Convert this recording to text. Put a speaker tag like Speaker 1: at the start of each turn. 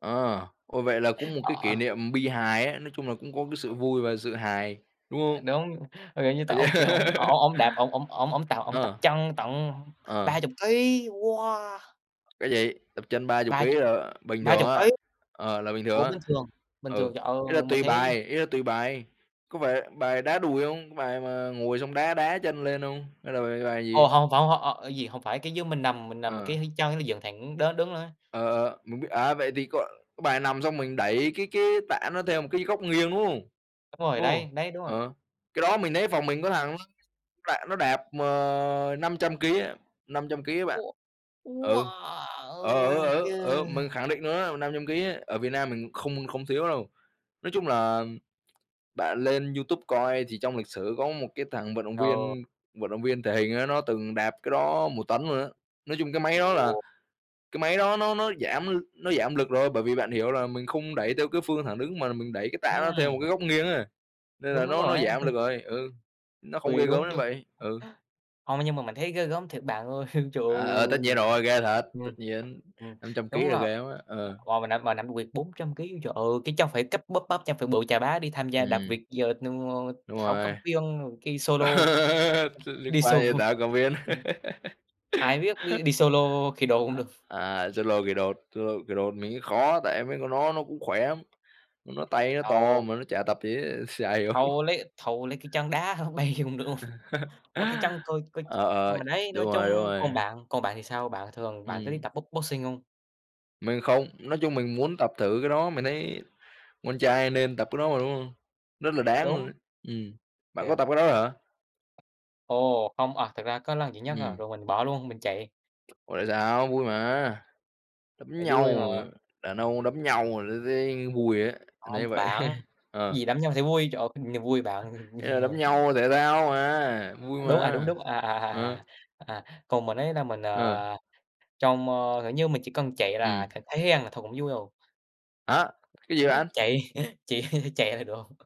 Speaker 1: Ờ. Ủa, vậy là cũng một cái kỷ
Speaker 2: Ờ.
Speaker 1: niệm bi hài á, nói chung là cũng có cái sự vui và sự hài, đúng
Speaker 2: À,
Speaker 1: không?
Speaker 2: đúng, như kiểu như tập
Speaker 1: À, yeah.
Speaker 2: ông kia ổng ổng ổng ổng đạp, ổng ổng ổng ổng tập ổng tập
Speaker 1: Ờ.
Speaker 2: chân tận
Speaker 1: Ờ.
Speaker 2: 30 ký, wow!
Speaker 1: Cái gì? Tập trên 30
Speaker 2: Ba
Speaker 1: ký
Speaker 2: chục,
Speaker 1: là bình
Speaker 2: ba
Speaker 1: thường
Speaker 2: chục
Speaker 1: á,
Speaker 2: ký.
Speaker 1: ờ, là bình thường
Speaker 2: Ủa,
Speaker 1: á.
Speaker 2: bình thường? Bình
Speaker 1: Ừ,
Speaker 2: thường, trời ơi!
Speaker 1: ý là
Speaker 2: Mình
Speaker 1: tùy
Speaker 2: thấy
Speaker 1: bài, ý là tùy bài. Có phải bài đá đùi không? Cái bài mà ngồi xong đá đá chân lên không, hay là bài bài
Speaker 2: Ồ,
Speaker 1: gì?
Speaker 2: hông, phỏng h ơ, gì hông phải, cái dư mình nằm mình nằm cái
Speaker 1: Ờ.
Speaker 2: h chân nó dựng thẳng đó đứng lên.
Speaker 1: Ờ, ờ, mình biết. À, vậy thì có cái bài nằm xong mình đẩy cái cái tạ nó theo một cái góc nghiêng, đúng không?
Speaker 2: Đúng rồi
Speaker 1: Đúng không?
Speaker 2: đấy, đấy, đúng rồi.
Speaker 1: Ờ, cái đó mình thấy phòng mình có thằng nó nó lại nó đạp, ờ, 500 ký á, 500 ký á bạn.
Speaker 2: Wow,
Speaker 1: Ừ, ờ, ở
Speaker 2: wow,
Speaker 1: ở
Speaker 2: ghê
Speaker 1: ở mình
Speaker 2: à!
Speaker 1: khẳng định luôn á, 500 ký á, ở Việt Nam mình không không thiếu đâu. Nói chung là bạn lên YouTube coi thì trong lịch sử có một cái thằng vận động
Speaker 2: Ờ.
Speaker 1: viên, vận động viên thể hình á, nó từng đạp cái đó 1 tấn luôn á. Nói chung cái máy đó là
Speaker 2: [unintelligible]
Speaker 1: cái máy đó nó nó giảm l nó giảm lực rồi, bởi vì bạn hiểu là mình không đẩy theo cái phương thẳng đứng mà mình đẩy cái tạ nó theo một
Speaker 2: Ừm.
Speaker 1: cái góc nghiêng ấy, nên
Speaker 2: Đúng,
Speaker 1: là
Speaker 2: đúng
Speaker 1: nó
Speaker 2: rồi
Speaker 1: nó
Speaker 2: ấy.
Speaker 1: giảm lực rồi, ừ, nó không
Speaker 2: Vì
Speaker 1: ghê gớm
Speaker 2: đúng
Speaker 1: đến
Speaker 2: quê
Speaker 1: vậy. Ừ.
Speaker 2: Hông, nhưng mà mình thấy ghê gớm thiệt bạn ơi. Trời
Speaker 1: À, ờ, tất
Speaker 2: ơi!
Speaker 1: nhiên rồi, ghê thật!
Speaker 2: Ừm.
Speaker 1: Tất nhiên,
Speaker 2: Ừm,
Speaker 1: 500 ký
Speaker 2: đúng
Speaker 1: là
Speaker 2: là
Speaker 1: ghê lắm á, ờ.
Speaker 2: wow, mà nằm mà nằm [unintelligible] 400 ký, trời ơi, cái chân phải cấp bắp bắp chân phải bự chà bá đi tham gia đạp
Speaker 1: Ừm.
Speaker 2: vịt giờ [unintelligible]
Speaker 1: Đúng
Speaker 2: Thảo Cầm
Speaker 1: rồi,
Speaker 2: Viên rồi ki solo.
Speaker 1: chứ liên
Speaker 2: Đi
Speaker 1: quan gì
Speaker 2: [unintelligible]
Speaker 1: Thảo Cầm Viên.
Speaker 2: ừm. Ai biết đi đi solo khỉ đột cũng được.
Speaker 1: À, solo khỉ đột solo khỉ đột mình nghĩ khó á, tại mấy con đó nó cũng khỏe lắm, nó tay nó to
Speaker 2: Ồ!
Speaker 1: mà nó chả tập gì hết, chả hiểu.
Speaker 2: Thôi lấy thôi lấy cái chân đá h bay cũng được luôn. Ủa, cái
Speaker 1: Ờ,
Speaker 2: chân thôi coi ồ,
Speaker 1: ờ,
Speaker 2: mà đấy,
Speaker 1: đúng
Speaker 2: nói
Speaker 1: rồi, đúng
Speaker 2: chung
Speaker 1: rồi.
Speaker 2: còn bạn, còn bạn thì sao? Bạn thường bạn có đi
Speaker 1: Ừm.
Speaker 2: tập box boxing không?
Speaker 1: Mình không. Nói chung mình muốn tập thử cái đó, mình thấy con trai nên tập cái đó mà, đúng không? Rất là
Speaker 2: Ừm,
Speaker 1: đáng luôn
Speaker 2: đúng.
Speaker 1: ấy, ừm. Bạn có
Speaker 2: Thiệt.
Speaker 1: tập cái đó hả?
Speaker 2: Ồ, không à, thực ra có lần duy nhất à,
Speaker 1: Ừm.
Speaker 2: rồi mình bỏ luôn, mình chạy.
Speaker 1: Ủa, tại sao? Vui mà. Đấm
Speaker 2: Tại
Speaker 1: nhau
Speaker 2: vui
Speaker 1: rồi á,
Speaker 2: mà.
Speaker 1: đàn ông đấm nhau là thấy thấy vui rồi ấy, mình
Speaker 2: Không
Speaker 1: thấy vậy,
Speaker 2: bạn,
Speaker 1: ờ.
Speaker 2: gì đấm nhau thấy vui? Trời ơi, niềm vui bạn
Speaker 1: Ý là đấm
Speaker 2: [unintelligible]
Speaker 1: nhau thể thao mà, vui
Speaker 2: Đúng, à, đúng,
Speaker 1: mà,
Speaker 2: đúng, à, à,
Speaker 1: ờ.
Speaker 2: à, à, à. Còn mình ấy là mình,
Speaker 1: Ờ.
Speaker 2: ờ, trong, ơ kiểu như, mình chỉ cần chạy là
Speaker 1: Ừm.
Speaker 2: cảm thấy ăn là thôi cũng vui rồi.
Speaker 1: Hả, cái gì
Speaker 2: [unintelligible]
Speaker 1: bạn?
Speaker 2: Chạy, chỉ chạy là được.